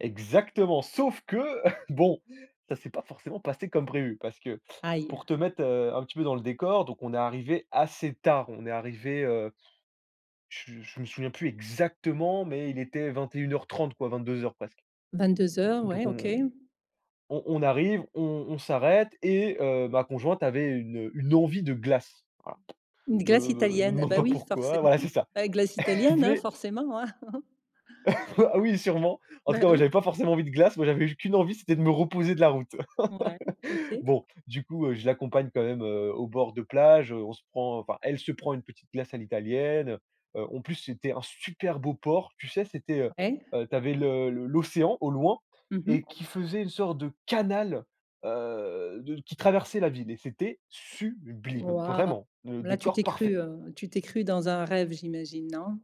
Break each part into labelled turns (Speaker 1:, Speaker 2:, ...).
Speaker 1: Exactement. Sauf que, bon, ça s'est pas forcément passé comme prévu, parce que,
Speaker 2: Aïe!
Speaker 1: pour te mettre, heu, un petit peu dans le décor, donc on est arrivé assez tard. On est arrivé, heu, je je me souviens plus exactement, mais il était 21:30, quoi, 22:00, presque
Speaker 2: 22:00 ouais
Speaker 1: donc
Speaker 2: OK.
Speaker 1: on on on arrive, on on s'arrête et heu, ma conjointe avait une, heu, une envie de glace. Voilà.
Speaker 2: Une
Speaker 1: Me
Speaker 2: glace
Speaker 1: me me
Speaker 2: italienne, ah
Speaker 1: demande
Speaker 2: bah
Speaker 1: pas
Speaker 2: oui,
Speaker 1: pourquoi
Speaker 2: forcément,
Speaker 1: voilà c'est ça.
Speaker 2: la glace
Speaker 1: Elle
Speaker 2: italienne, hein,
Speaker 1: voulait
Speaker 2: forcément, hein.
Speaker 1: Ah oui sûrement! En tout
Speaker 2: Bah
Speaker 1: cas moi
Speaker 2: oui.
Speaker 1: j'avais pas forcément envie de glace, moi j'avais eu qu'une envie c'était de me reposer de la route.
Speaker 2: Ouais, OK.
Speaker 1: Bon, du coup, heu, je l'accompagne quand même, heu, au bord de plage, on se prend enfin elle se prend, une petite glace à l'italienne. Heu heu, en plus c'était un super beau port, tu sais c'était, heu
Speaker 2: Ouais.
Speaker 1: heu, tu avais le le l'océan au loin
Speaker 2: Mmh mh.
Speaker 1: et qui faisait une sorte de canal, heu, de qui traversait la ville et c'était sublime
Speaker 2: Waouh!
Speaker 1: vraiment. Le
Speaker 2: Là, tu t'es
Speaker 1: décor parfait.
Speaker 2: cru, heu, tu t'es cru dans un rêve, j'imagine, non?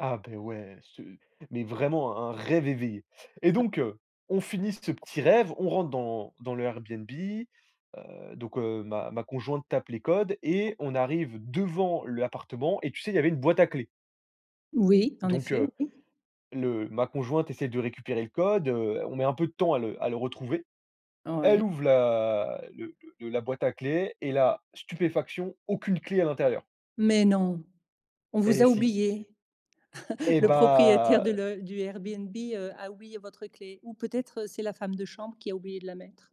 Speaker 1: Ah beh ouais ce mais vraiment un un rêve éveillé! Et
Speaker 2: [unintelligible]
Speaker 1: donc heu, on finit ce petit rêve, on rentre dans dans le Airbnb, heu, donc heu, ma ma conjointe tape les codes et on arrive devant l'appartement et tu sais il y avait une boîte à clés
Speaker 2: Oui, en
Speaker 1: donc
Speaker 2: effet,
Speaker 1: heu,
Speaker 2: oui.
Speaker 1: le ma conjointe essaie de récupérer le code, heu, on met un peu de temps à le à le retrouver. Elle
Speaker 2: Ouais.
Speaker 1: ouvre la le le la boîte à clés et là stupéfaction aucune, clé à l'intérieur.
Speaker 2: Mais non! On vous
Speaker 1: Et
Speaker 2: a
Speaker 1: si.
Speaker 2: oublié?
Speaker 1: Eh
Speaker 2: Le propriétaire
Speaker 1: bah
Speaker 2: de
Speaker 1: heu
Speaker 2: le du Airbnb, heu, a oublié votre clé, ou peut-être c'est la femme de chambre qui a oublié de la mettre.